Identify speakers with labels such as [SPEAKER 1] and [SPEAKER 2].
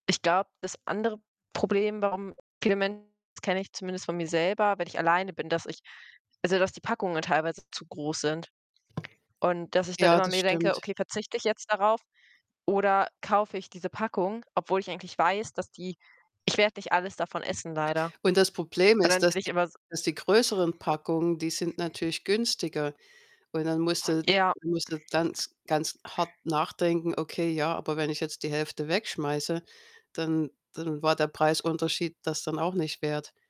[SPEAKER 1] Ich glaube, das andere Problem, warum viele Menschen, das kenne ich zumindest von mir selber, wenn ich alleine bin, dass ich also, dass die Packungen teilweise zu groß sind und dass ich dann
[SPEAKER 2] Ja,
[SPEAKER 1] immer
[SPEAKER 2] das
[SPEAKER 1] mir denke:
[SPEAKER 2] stimmt.
[SPEAKER 1] „Okay, verzichte ich jetzt darauf oder kaufe ich diese Packung?“ Obwohl ich eigentlich weiß, dass die ich werde nicht alles davon essen leider.
[SPEAKER 2] Und das Problem
[SPEAKER 1] Aber
[SPEAKER 2] ist,
[SPEAKER 1] dann bin
[SPEAKER 2] dass
[SPEAKER 1] ich
[SPEAKER 2] die
[SPEAKER 1] immer s
[SPEAKER 2] dass die größeren Packungen, die sind natürlich günstiger und dann musst du
[SPEAKER 1] Ja.
[SPEAKER 2] musst du ganz, ganz hart nachdenken: „Okay, ja, aber wenn ich jetzt die 1/2 wegschmeiße, dann dann war der Preisunterschied das dann auch nicht wert.“